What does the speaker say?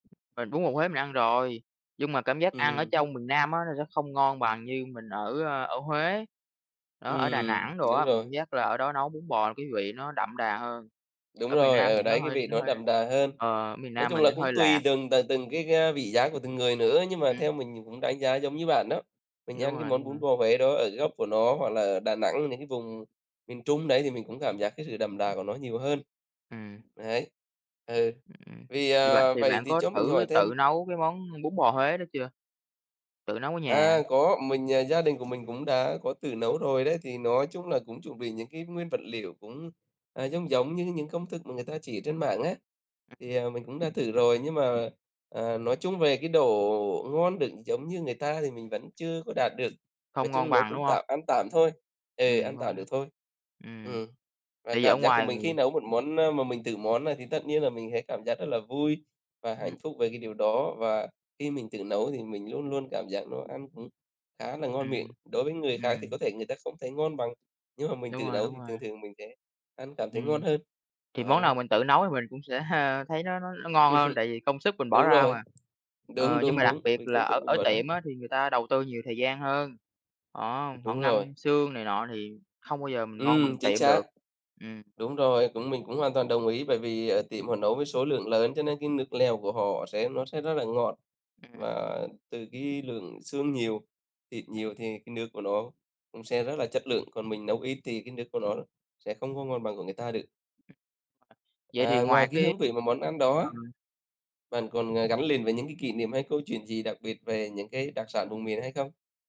Mình bún bò Huế mình ăn rồi, nhưng mà cảm giác ăn ở Ừm. trong miền Nam á, nó sẽ không ngon bằng như mình ở, ơ, ở Huế. Đó, ở Đà Ừm, Nẵng đồ đúng á, mình cảm rồi. giác là ở đó nấu bún bò cái vị nó đậm đà hơn. Đúng Ở miền rồi, Nam ở thì nó đấy cái hơi vị nó nó hơi đậm đà hơn. ờ, ở miền Nói Nam chung mình là thì hơi cũng tùy lạt. từng t từng cái, ơ, vị giác của từng người nữa, nhưng mà Ừm. theo mình, mình cũng đánh giá giống như bạn đó. Đúng Mình ăn cái rồi, đúng món bún rồi. bò Huế đó ở gốc của nó hoặc là ở Đà Nẵng, những cái vùng miền Trung đấy thì mình cũng cảm giác cái sự đậm đà của nó nhiều hơn. Ừm. Đấy. Ừ, Ừm, vì, thì bạn ờ thì vậy bạn thì có cho mình thử hỏi thêm. tự nấu cái món bún bò Huế đó chưa? Tự nấu ở nhà. À, có, mình, à, gia đình của mình cũng đã có tự nấu rồi đấy. Thì nói chung là cũng chuẩn bị những cái nguyên vật liệu cũng, à, giống giống như những công thức mà người ta chỉ trên mạng á, Ừm. thì, ờ, mình cũng đã thử rồi. Nhưng mà, à, à, nói chung về cái độ ngon được giống như người ta thì mình vẫn chưa có đạt được. Nói Không ngon chung nấu bằng, cũng đúng hông? tạm, ăn tạm thôi, ừ, Ừm, ăn không tạm được thôi. ừm, Ừm, và tại vì cảm ở giác của ngoài mình khi nấu một món, ơ, mà mình tự món này thì tất nhiên là mình thấy cảm giác rất là vui và hạnh Ừm. phúc về cái điều đó, và khi mình tự nấu thì mình luôn luôn cảm giác nó ăn cũng khá là ngon miệng. Ừm, Đối với người khác thì có ừm. thể người ta không thấy ngon bằng, nhưng mà mình Đúng tự rồi, nấu đúng thì rồi. thường thường mình sẽ ăn cảm thấy ngon Ừm, hơn, thì món đó. nào mình tự nấu thì mình cũng sẽ thấy nó nó nó ngon hơn tại vì công sức mình bỏ Đúng ra rồi, mà. đúng, Ờ, nhưng đúng, mà đặc đúng, biệt vì là công sức ở mình ở bỏ ra. tiệm á, thì người ta đầu tư nhiều thời gian hơn. Đó, họ Đúng rồi. ngâm xương này nọ thì không bao giờ mình ngon Ừm, bằng chính tiệm được, xác. ừm. Đúng rồi, cũng mình cũng hoàn toàn đồng ý bởi vì ở tiệm họ nấu với số lượng lớn cho nên cái nước lèo của họ sẽ nó sẽ rất là ngọt. Ừm. Và từ cái lượng xương nhiều, thịt nhiều thì cái nước của nó cũng sẽ rất là chất lượng. Còn mình nấu ít thì cái nước của nó sẽ không có ngon bằng của người ta được. [unintelligible] Vậy À, thì ngoài ngoài cái cái hương vị mà món ăn đó á, ừm. bạn còn, ờ, gắn liền với những cái kỷ niệm hay câu chuyện gì đặc biệt về những cái đặc sản vùng miền hay không?